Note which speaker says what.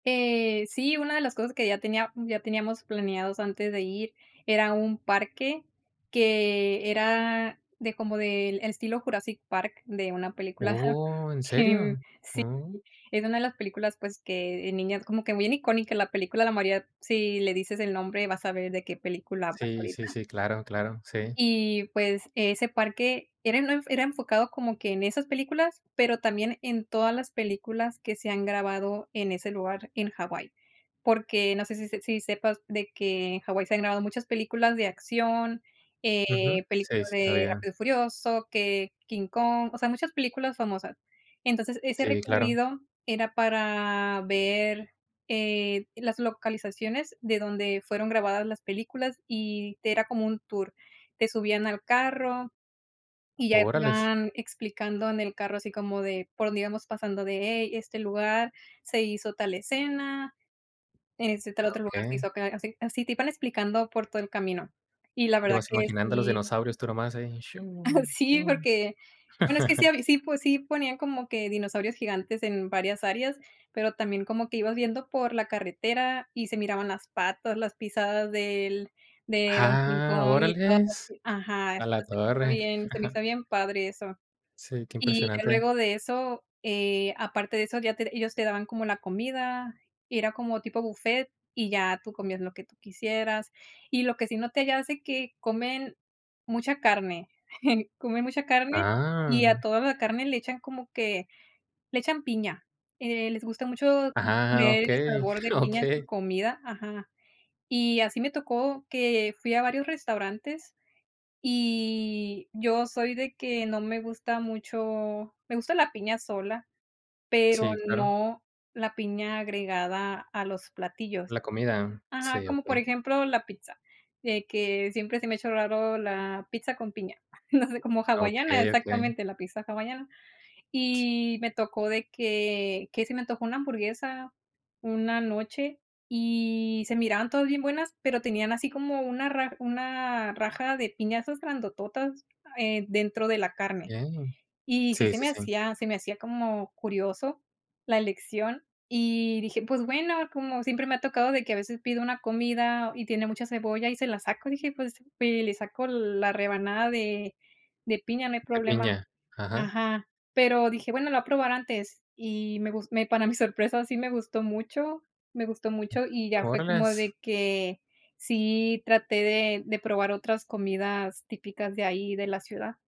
Speaker 1: Eh, sí, una de las cosas que ya tenía ya teníamos planeados antes de ir era un parque, que era de como del estilo Jurassic Park, de una película ajá,
Speaker 2: Oh, ¿en
Speaker 1: que, mm
Speaker 2: serio?
Speaker 1: sí,
Speaker 2: Mm.
Speaker 1: es una de las películas, pues, que de niñas, como que bien icónica, la película de la María si le dices el nombre, va a saber de qué película hablas
Speaker 2: Sí, sí,
Speaker 1: ahorita.
Speaker 2: sí. Claro, claro. Sí.
Speaker 1: Y, pues, ese parque era no era enfocado como que en esas películas, pero también en todas las películas que se han grabado en ese lugar en Hawái, porque, no sé si si si sepas de que en Hawái se han grabado muchas películas de acción,
Speaker 2: Ujú.
Speaker 1: eh, películas
Speaker 2: Sí, sí, está
Speaker 1: de
Speaker 2: bien.
Speaker 1: Rápido y furioso, que King Kong, o sea, muchas películas famosas. Entonces, ese
Speaker 2: Sí, claro.
Speaker 1: recorrido era para ver, eh, las localizaciones de donde fueron grabadas las películas, y era como un tour, te subían al carro, y ya
Speaker 2: Órales.
Speaker 1: iban explicando en el carro, así como de por dónde íbamos pasando, de: "Hey, este lugar se hizo tal escena, en este tal
Speaker 2: Ah,
Speaker 1: otro lugar, se
Speaker 2: okey.
Speaker 1: hizo acá". Así así te iban explicando por todo el camino. Y la
Speaker 2: Y
Speaker 1: verdad
Speaker 2: vas
Speaker 1: que
Speaker 2: imaginando a los
Speaker 1: sí
Speaker 2: dinosaurios, tú nomás ahí:
Speaker 1: Ajá
Speaker 2: "chu,
Speaker 1: sí,
Speaker 2: uh".
Speaker 1: porque, bueno, es que sí hab sí po sí ponían, como que dinosaurios gigantes en varias áreas, pero también como que ibas viendo por la carretera y se miraban las patas, las pisadas del de don King
Speaker 2: ¡Ah!
Speaker 1: Kong y todo
Speaker 2: Órales.
Speaker 1: así ajá.
Speaker 2: A la
Speaker 1: Entonces me fue
Speaker 2: torre.
Speaker 1: bien, se me hizo bien padre eso.
Speaker 2: Sí, qué
Speaker 1: Y ya
Speaker 2: impresionante.
Speaker 1: luego de eso, eh, aparte de eso, ya te ellos te daban como la comida, era como tipo buffet, y ya tú comías lo que tú quisieras. Y lo que sí noté ya hace, que comen mucha carne, comen mucha carne, y a
Speaker 2: ¡Ah!
Speaker 1: toda la carne le echan como que le echan piña, eh, les gusta mucho
Speaker 2: Ah,
Speaker 1: poner el
Speaker 2: okey,
Speaker 1: sabor de piña en su
Speaker 2: okey.
Speaker 1: comida ajá. Y así me tocó que fui a varios restaurantes, y yo soy de que no me gusta mucho me gusta la piña sola, pero
Speaker 2: Sí, claro.
Speaker 1: no la piña agregada a los platillos.
Speaker 2: La comida.
Speaker 1: Ajá,
Speaker 2: Sí,
Speaker 1: como por
Speaker 2: okey.
Speaker 1: ejemplo la pizza, de que siempre se me ha hecho raro la pizza con piña, no sé, como hawaiana,
Speaker 2: Okey, okey.
Speaker 1: exactamente, la pizza hawaiana. Y, me tocó de que que se me antojó una hamburguesa una noche, y se miraban todas bien buenas, pero tenían así como una ra una raja de piñazas grandototas, eh, dentro de la carne.
Speaker 2: Okey.
Speaker 1: Y sí
Speaker 2: Sí,
Speaker 1: se
Speaker 2: sí,
Speaker 1: me
Speaker 2: sí.
Speaker 1: hacía se me hacía como curioso la elección, y dije, pues, bueno como siempre me ha tocado de que a veces pido una comida, y tiene mucha cebolla y se la saco, dije: "Pues, eh, le saco la rebanada de de piña, no hay
Speaker 2: De
Speaker 1: problema".
Speaker 2: piña. Ajá.
Speaker 1: Ajá, pero dije: "Bueno, lo voy a probar antes", y me gus me para mi sorpresa, sí me gustó mucho me gustó mucho, y ya fue como
Speaker 2: Órales.
Speaker 1: de que sí traté de de probar otras comidas típicas de ahí, de la ciudad.